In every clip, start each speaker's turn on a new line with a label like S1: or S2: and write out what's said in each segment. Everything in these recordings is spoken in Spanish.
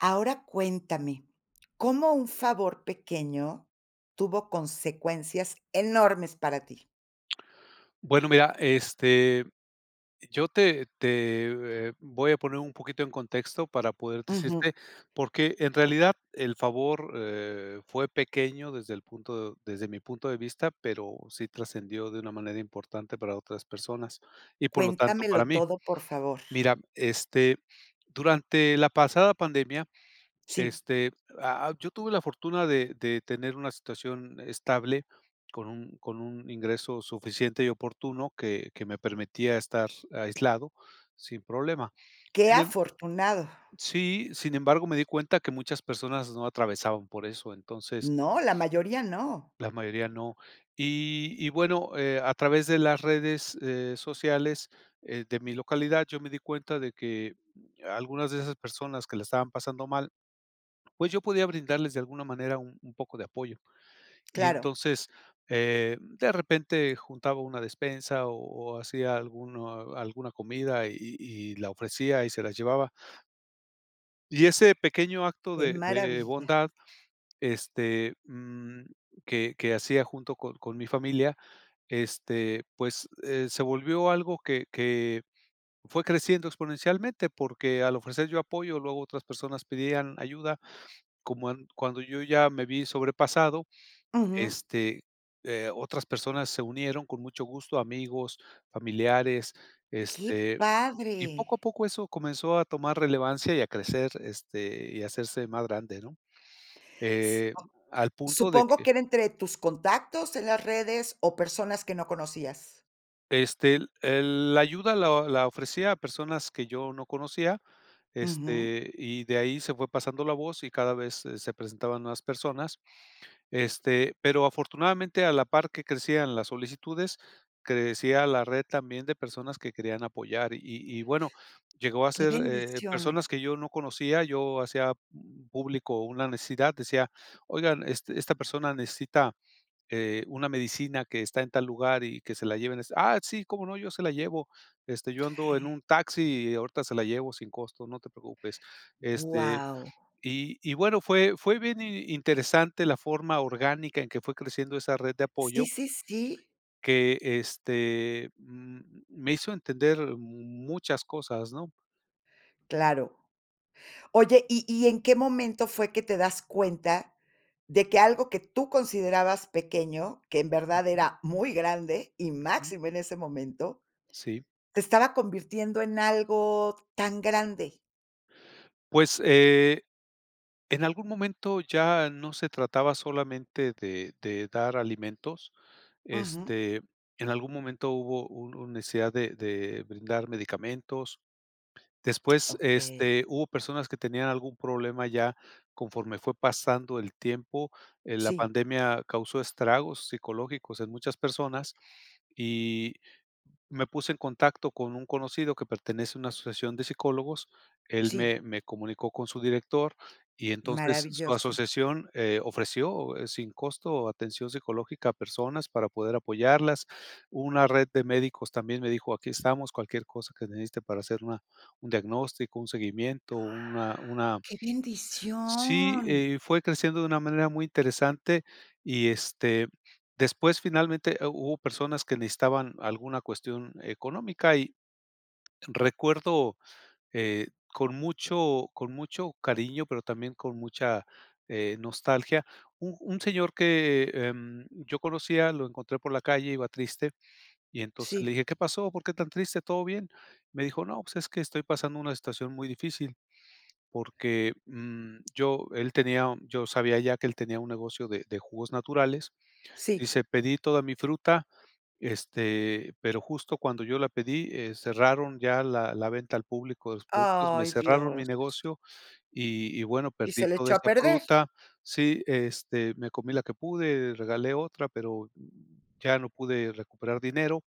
S1: Ahora cuéntame, ¿cómo un favor pequeño tuvo consecuencias enormes para ti?
S2: Bueno, mira, este, yo te te voy a poner un poquito en contexto para poderte decirte,
S1: Ujú.
S2: porque en realidad el favor, eh, fue pequeño desde el punto desde mi punto de vista, pero sí trascendió de una manera importante para otras personas y por lo tanto,
S1: Cuéntamelo
S2: para mí.
S1: todo, por favor.
S2: Mira, este, durante la pasada pandemia,
S1: Sí.
S2: este, ah ah, yo tuve la fortuna de de tener una situación estable con un con un ingreso suficiente y oportuno que que me permitía estar aislado sin problema.
S1: Qué
S2: Sin emb
S1: afortunado.
S2: sí, sin embargo, me di cuenta que muchas personas no atravesaban por eso, entonces
S1: No, la mayoría no.
S2: la mayoría no.Y y, bueno, eh, a través de las redes, eh, sociales de mi localidad, yo me di cuenta de que algunas de esas personas que la estaban pasando mal, pues yo podía brindarles de alguna manera un un poco de apoyo. Y
S1: Claro.
S2: entonces, eh, de repente juntaba una despensa o o hacía alguno alguna comida y y y la ofrecía y se la llevaba. Y ese pequeño acto
S1: Qué
S2: de de
S1: maravilla.
S2: bondad, este, mm, que que hacía junto con con mi familia, este, pues, eh, se volvió algo que que fue creciendo exponencialmente, porque al ofrecer yo apoyo, luego otras personas pedían ayuda. Como cuando yo ya me vi sobrepasado,
S1: Ujú.
S2: este, eh otras personas se unieron con mucho gusto, amigos, familiares,
S1: Qué
S2: este, y poco
S1: padre.
S2: a poco eso comenzó a tomar relevancia y a crecer, este, y hacerse más grande, ¿no? Eh,
S1: Supo
S2: al punto de
S1: Supongo
S2: que
S1: que era entre tus contactos en las redes o personas que no conocías.
S2: este, el la ayuda la la ofrecía a personas que yo no conocía,
S1: Ujú.
S2: este, y de ahí se fue pasando la voz y cada vez, se se presentaban nuevas personas. Este, pero afortunadamente a la par que crecían las solicitudes, crecían la red también de personas que querían apoyar y y bueno, llegó a
S1: Qué
S2: ser eh,
S1: bendición.
S2: personas que yo no conocía, yo hacía, mm, público una necesidad, decía: "Oigan, este esta persona necesita eh, una medicina que está en tal lugar y que se la lleven". Ah, sí, cómo no, yo se la llevo. Este, yo ando en un taxi y ahorita se la llevo sin costo, no te preocupes. Este,
S1: Guau.
S2: y y bueno fue fue bien interesante la forma orgánica en que fue creciendo esa red de apoyo,
S1: Sí sí sí.
S2: que, este, mm, me hizo entender, muchas cosas, ¿no?
S1: Claro. Oye, ¿y y en qué momento fue que te das cuenta, de que algo que tú considerabas pequeño, que en verdad
S2: Ujú.
S1: era muy grande y
S2: Ujú.
S1: máximo en ese momento,
S2: Sí.
S1: te estaba convirtiendo en algo tan grande?
S2: Pues, eh, en algún momento ya no se trataba solamente de de dar alimentos,
S1: Ujú.
S2: este, en algún momento hubo un necesidad de de brindar medicamentos, después,
S1: Okey.
S2: este, hubo personas que tenían algún problema ya conforme fue pasando el tiempo, en la
S1: Sí.
S2: pandemia causó estragos psicológicos en muchas personas y me puse en contacto con un conocido que pertenece a una asociación de psicólogos, él
S1: Sí.
S2: me me comunicó con su director y entonces su
S1: Maravilloso.
S2: asociación, eh, ofreció sin costo atención psicológica a personas para poder apoyarlas, hubo una red de médicos también me dijo: "Aquí estamos, cualquier cosa que necesite para hacer una un diagnóstico, un seguimiento, una una"
S1: ¡Qué
S2: Sí,
S1: bendición!
S2: eh, fue creciendo de una manera muy interesante y, este, después finalmente hu hubo personas que necesitaban alguna cuestión económica y recuerdo, eh, con mucho con mucho cariño, pero también con mucha, eh, nostalgia, un un señor que, em, yo conocía, lo encontré por la calle, iba triste y entonces le
S1: Sí.
S2: dije: "¿Qué pasó?, ¿por qué tan triste?, ¿todo bien?", me dijo: "No, pues es que estoy pasando una situación muy difícil, porque, mm," yo él tenía yo sabía ya que él tenía un negocio de de jugos naturales,
S1: Sí.
S2: dice: "Pedí toda mi fruta, este, pero justo cuando yo la pedí, eh, cerraron ya la la venta al público de los productos, me
S1: ¡Ay,
S2: cerraron mi
S1: Dios!
S2: negocio y y bueno
S1: Y
S2: perdí
S1: se le
S2: toda
S1: echó a
S2: esta
S1: perder.
S2: fruta, sí, este, me comí la que pude, regalé otra, pero, ya no pude recuperar dinero,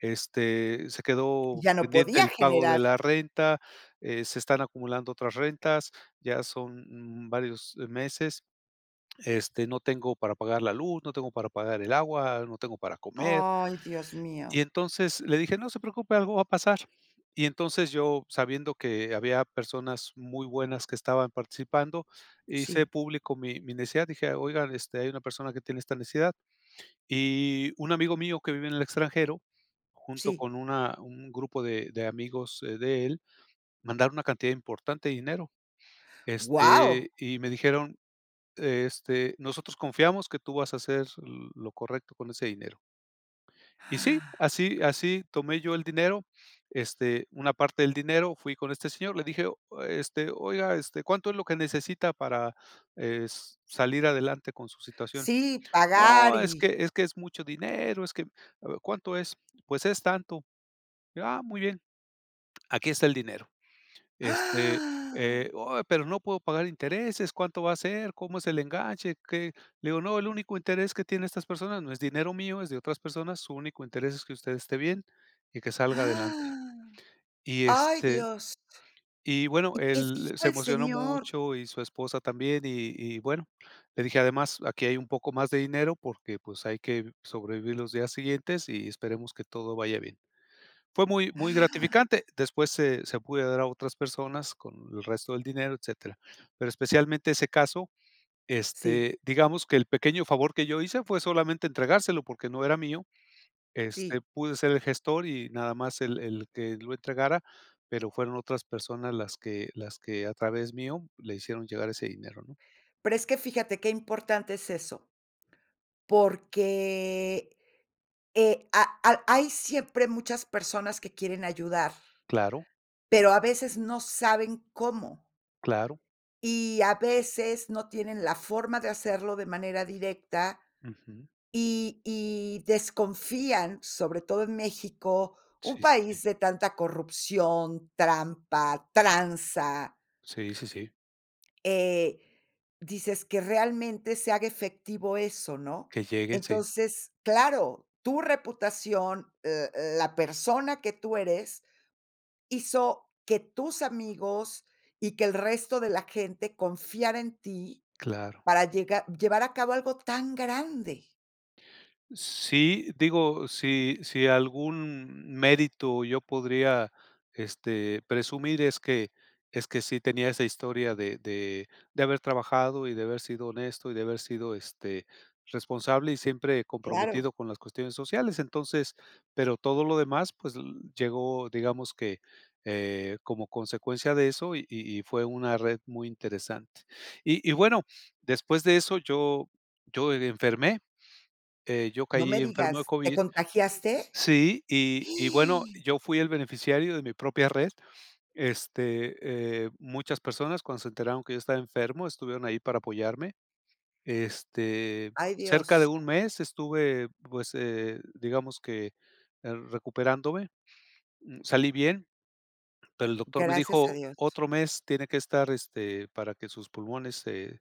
S2: este, se quedó
S1: Ya no
S2: pendiente
S1: podía
S2: el pago de
S1: generar.
S2: la renta, eh, se están acumulando otras rentas, ya son varios meses, este, no tengo para pagar la luz, no tengo para pagar el agua, no tengo para comer".
S1: ¡Ay, dios
S2: Y
S1: mío!
S2: entonces le dije: "No se preocupe, algo va a pasar", y entonces yo, sabiendo que había personas muy buenas que estaban participando, hice
S1: Sí.
S2: público mi mi necesidad, dije: "Oigan, este, hay una persona que tiene esta necesidad", y un amigo mío, que vive en el extranjero, junto
S1: Sí.
S2: con una un grupo de de amigos de él, mandaron una cantidad importante de dinero,
S1: ¡Wao!
S2: este, y me dijeron: "Este, nosotros confiamos que tú vas a hacer lo correcto con ese dinero". Y sí, así así tomé yo el dinero, este, una parte del dinero fui con este señor, le dije: "Este, oiga, este, ¿cuánto es lo que necesita para, eh, es salir adelante con su situación?",
S1: Sí, pagar
S2: "No, es
S1: y.
S2: que es que es mucho dinero, es que", "¿Cuánto es?", "Pues es tanto", "Ah, muy bien, aquí está el dinero", este eh, "Oh, pero no puedo pagar intereses, ¿cuánto va a ser?, ¿cómo es el enganche?" qué, le digo: "No, el único interés que tienen estas personas, no es dinero mío, es de otras personas, su único interés es que usted esté bien y que salga adelante", y
S1: Ay,
S2: este,
S1: Dios.
S2: y bueno,
S1: ¿Y qué
S2: él
S1: dijo
S2: se
S1: el
S2: emocionó
S1: señor?
S2: mucho y su esposa también y y bueno, le dije: "Además aquí hay un poco más de dinero, porque, pues hay que sobrevivir los días siguientes y esperemos que todo vaya bien", fue muy muy gratificante, después se se pude a dar a otras personas con el resto del dinero, etcétera, pero especialmente ese caso,
S1: Sí.
S2: este, digamos que el pequeño favor que yo hice fue solamente entregárselo porque no era mío, este,
S1: Sí.
S2: pude ser el gestor y nada más el el que lo entregara, pero, fueron otras personas las que las que a través mío le hicieron llegar ese dinero, ¿no?
S1: Pero, es que fíjate qué importante es eso, porque, eh, a al hay siempre muchas personas que quieren ayudar,
S2: Claro.
S1: pero a veces no saben cómo
S2: Claro.
S1: y a veces no tienen la forma de hacerlo de manera directa
S2: Ujú.
S1: y y desconfían, sobre todo en México, un
S2: Sí sí sí.
S1: país de tanta corrupción, trampa, tranza.
S2: Sí, sí, sí.
S1: Eh, dices que realmente se haga efectivo eso, ¿no?
S2: Que llegue, sí.
S1: Entonces, claro, tu reputación, l l la persona que tú eres, hizo que tus amigos y que el resto de la gente confiara en ti
S2: Claro.
S1: para llega llevar a cabo algo tan grande.
S2: Sí, digo, si, si algún mérito yo podría, este, presumir es que es que sí, tenía esa historia de de de haber trabajado y de haber sido honesto y de haber sido, este, responsable y siempre
S1: Claro.
S2: comprometido con las cuestiones sociales. Entonces pero todo lo demás, pues, l llegó, digamos que, eh, como consecuencia de eso y y y fue una red muy interesante. Y y bueno, después de eso yo yo e enfermé, eh, yo
S1: No me
S2: caí enfermo de
S1: digas, ¿te
S2: COVID
S1: contagiaste?
S2: sí. Y y bueno, yo fui el beneficiario de mi propia red, este, eh, muchas personas, cuando se enteraron que yo estaba enfermo, estuvieron ahí para apoyarme. Este,
S1: Ay,
S2: cerca
S1: Dios.
S2: de 1 mes estuve, pues, eh, digamos que, eh, recuperándome, mm, salí bien, pero el doctor me
S1: Gracias a
S2: dijo:
S1: Dios.
S2: "Otro mes tiene que estar, este, para que sus pulmones se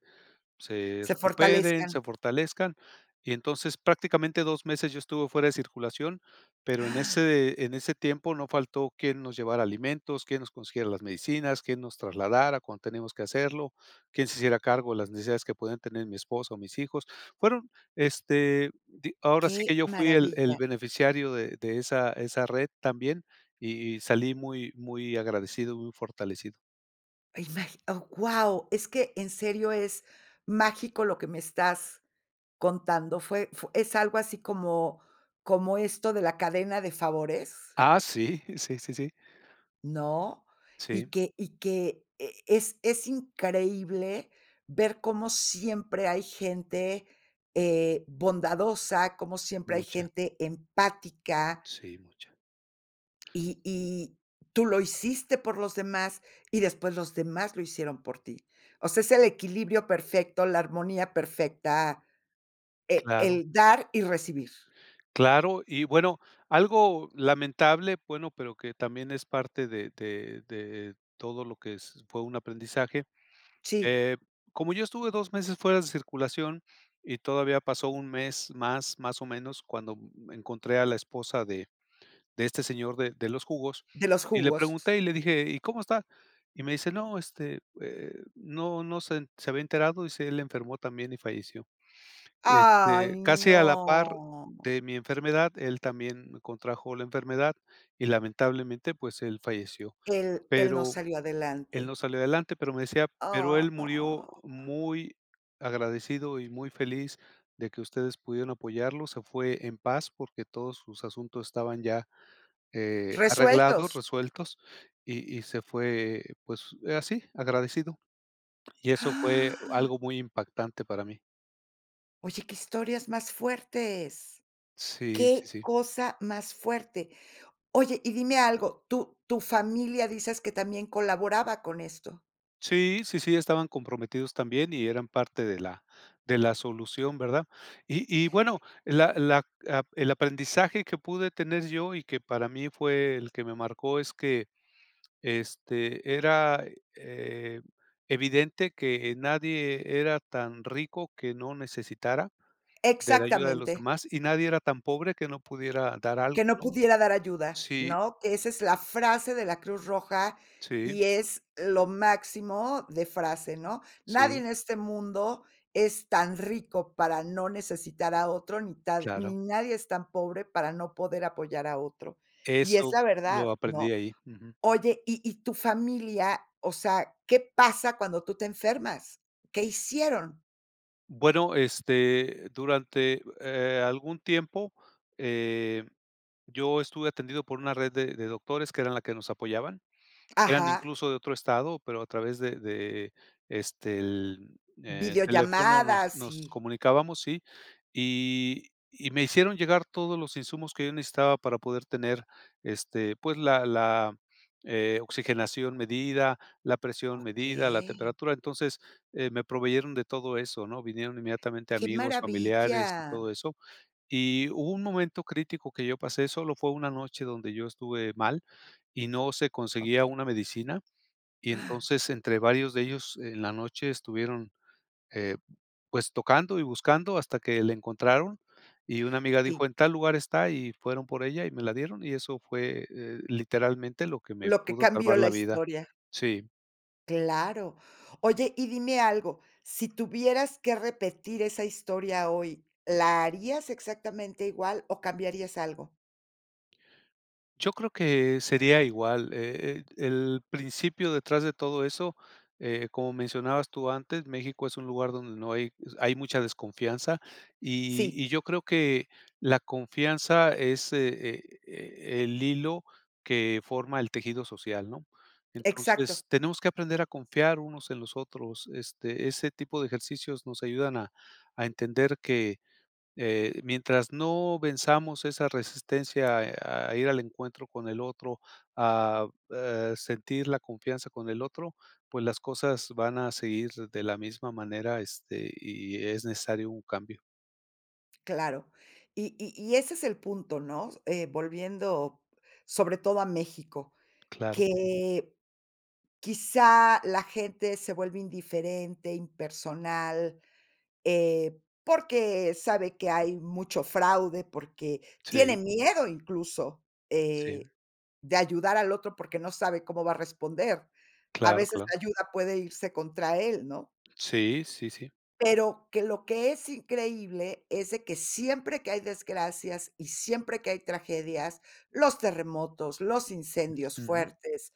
S2: se
S1: Se
S2: recuperen,
S1: fortalezcan.
S2: se fortalezcan". Y entonces, prácticamente 2 meses yo estuve fuera de circulación, pero en ese en ese tiempo no faltó quién nos llevara alimentos, quién nos consiguiera las medicinas, quién nos trasladara cuando teníamos que hacerlo, quién se hiciera cargo de las necesidades que podían tener mi esposa o mis hijos. Fueron, este, di ahora sí
S1: Qué
S2: que yo fui el el
S1: maravilla.
S2: beneficiario de de esa esa red también, y y salí muy muy agradecido, muy fortalecido.
S1: [unintelligible] Oh, wao, es que en serio es mágico lo que me estás, contando. ¿Fue fue es algo así como como esto de la cadena de favores?
S2: Ah, sí, sí, sí, sí.
S1: ¿No?
S2: Sí.
S1: Y que y que es es es increíble ver cómo siempre hay gente eh, bondadosa, cómo siempre hay
S2: Mucha.
S1: gente empática.
S2: Sí, mucha.
S1: Y y tú lo hiciste por los demás, y después los demás lo hicieron por ti. O sea, es el equilibrio perfecto, la armonía perfecta, eh,
S2: Claro.
S1: el dar y recibir.
S2: Claro. Y bueno, algo lamentable, bueno, pero que también es parte de de de todo lo que es fue un aprendizaje.
S1: Sí.
S2: Eh, como yo estuve 2 meses fuera de circulación y todavía pasó 1 mes más más o menos, cuando encontré a la esposa de de este señor de de los jugos,
S1: De los
S2: y le
S1: jugos.
S2: pregunté y le dije: "¿Y cómo está?". Y me dice: "No, este, eh, ¿no no se se había enterado?", dice: "El enfermó también y falleció".
S1: ¡Ay,
S2: Este, casi a la par
S1: no!
S2: de mi enfermedad, él también contrajo la enfermedad y lamentablemente, pues él falleció.
S1: Él él no
S2: Pero
S1: salió
S2: él
S1: adelante.
S2: no salió adelante, pero me decía, pero él murió
S1: Ah.
S2: muy agradecido y muy feliz de que ustedes pudieron apoyarlo, se fue en paz porque todos sus asuntos estaban ya, eh, arreglados,
S1: Resueltos.
S2: resueltos y y se fue, pues, así, agradecido. Y eso fue
S1: ¡Ah!
S2: algo muy impactante para mí.
S1: Oye, qué historias más fuertes,
S2: Sí, sí,
S1: qué
S2: sí.
S1: cosa más fuerte. Oye, y dime algo, ¿tu tu familia dices que también colaboraba con esto?
S2: Sí, sí, sí, estaban comprometidos también. Y eran parte de la de la solución, ¿verdad? Y y bueno, la la a el aprendizaje que pude tener yo, y que para mí fue el que me marcó, es que este, era, eh, evidente que nadie era tan rico que no necesitara de la ayuda de los
S1: Exactamente.
S2: demás. Y nadie era tan pobre que no pudiera dar algo,
S1: Que no
S2: ¿no?
S1: pudiera dar ayuda,
S2: Sí.
S1: ¿no? Que esa es la frase de la Cruz Roja,
S2: Sí.
S1: y es, lo máximo de frase, ¿no? Nadie
S2: Sí.
S1: en este mundo, es tan rico para no necesitar a otro. ni tan
S2: Claro.
S1: ni nadie es tan pobre, para no poder apoyar a otro. Y es
S2: Eso,
S1: la
S2: lo
S1: verdad,
S2: aprendí
S1: ¿no?
S2: ahí. Ujú.
S1: Oye, y y tu familia O sea, ¿qué pasa cuando tú te enfermas? ¿Qué hicieron?
S2: Bueno, este, durante, eh, algún tiempo, eh, yo estuve atendido por una red de de doctores, que eran la que nos apoyaban. Eran
S1: Ajá.
S2: incluso de otro estado, pero a través de de este, el, eh, el teléfono, nos
S1: Videollamadas
S2: nos
S1: y
S2: comunicábamos, sí. Y y me hicieron llegar todos los insumos que yo necesitaba para poder tener este, pues la la eh, oxigenación medida, la presión medida, la
S1: Okey.
S2: temperatura. Entonces, eh, me proveyeron de todo eso, ¿no? Vinieron inmediatamente
S1: ¡Qué
S2: amigos,
S1: maravilla!
S2: familiares y todo eso. Y hubo un momento crítico que yo pasé. Solo fue una noche donde yo estuve mal, y no se conseguía
S1: Okey.
S2: una medicina. Y
S1: ¡Ah!
S2: entonces, entre varios de ellos, en la noche estuvieron, eh, pues tocando y buscando, hasta que le encontraron. Y una amiga dijo:
S1: Sí.
S2: "En tal lugar está". Y fueron por ella y me la dieron. Y eso fue, eh, literalmente, lo que me
S1: Lo que
S2: pudo salvar
S1: cambió la
S2: la vida.
S1: historia.
S2: Sí.
S1: Claro, oye, y dime algo, sí tuvieras que repetir esa historia hoy, ¿la harías exactamente igual o cambiarías algo?
S2: Yo creo que sería igual, e e el principio detrás de todo eso, eh, como mencionabas tú antes, México es un lugar donde no hay hay mucha desconfianza y
S1: Sí.
S2: y yo creo que la confianza es e e e el hilo que forma el tejido social, ¿no?,
S1: Exacto.
S2: entonces tenemos que aprender a confiar unos en los otros, este, ese tipo de ejercicios nos ayudan a a entender que, eh, mientras no venzamos esa resistencia a a ir al encuentro con el otro, a eh, sentir la confianza con el otro, pues las cosas van a seguir de la misma manera, este, y e es necesario un cambio.
S1: Claro, y y y ese es el punto, ¿no?, eh, volviendo sobre todo a México,
S2: Claro.
S1: que quizá la gente se vuelve indiferente, impersonal, eh, porque sabe que hay mucho fraude, porque tiene
S2: Sí.
S1: miedo incluso,
S2: Sí.
S1: eh, de ayudar al otro porque no sabe cómo va a responder, a
S2: Claro,
S1: veces
S2: claro.
S1: la ayuda puede irse contra él, ¿no?
S2: Sí, sí, sí.
S1: Pero que lo que es increíble es de que siempre que hay desgracias y siempre que hay tragedias, los terremotos, los incendios
S2: Ujú.
S1: fuertes,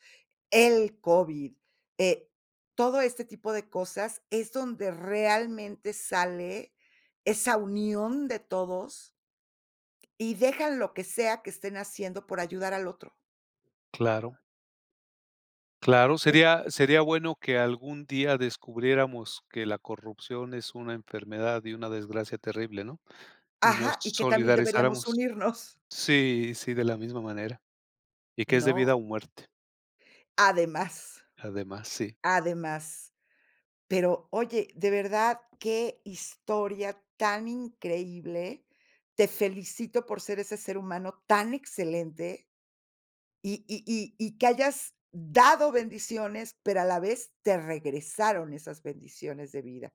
S1: el COVID, eh, todo este tipo de cosas es donde realmente sale esa unión de todos y dejan lo que sea que estén haciendo por ayudar al otro.
S2: Claro. Claro,
S1: Es
S2: sería sería bueno que algún día descubriéramos que la corrupción, es una enfermedad y una desgracia terrible, ¿no?, y nos
S1: Ajá, y que también deberíamos
S2: solidarizáramos.
S1: unirnos
S2: Sí, sí, de la misma manera. Y que es de vida
S1: ¿no?
S2: o muerte.
S1: Además
S2: Además, sí.
S1: además, pero oye, de verdad, qué historia tan increíble, te felicito por ser ese ser humano tan excelente y y y-y que hayas dado bendiciones, pero a la vez, te regresaron esas bendiciones de vida.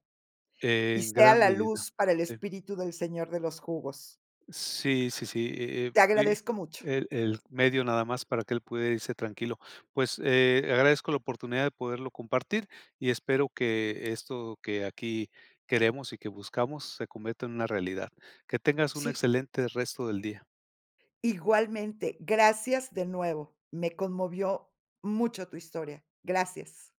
S1: Y
S2: En
S1: sea
S2: gran
S1: la
S2: medida.
S1: luz para el
S2: Sí.
S1: espíritu del señor de los jugos.
S2: Sí, sí, sí, eh, eh,
S1: Te
S2: fue
S1: agradezco mucho.
S2: el el medio nada más para que él pudiera irse tranquilo. Pues, eh, agradezco la oportunidad de poderlo compartir y espero que esto que aquí queremos y que buscamos se cometa en una realidad. Que tengas un
S1: Sí.
S2: excelente resto del día.
S1: Igualmente, gracias de nuevo. Me conmovió mucho tu historia. Gracias.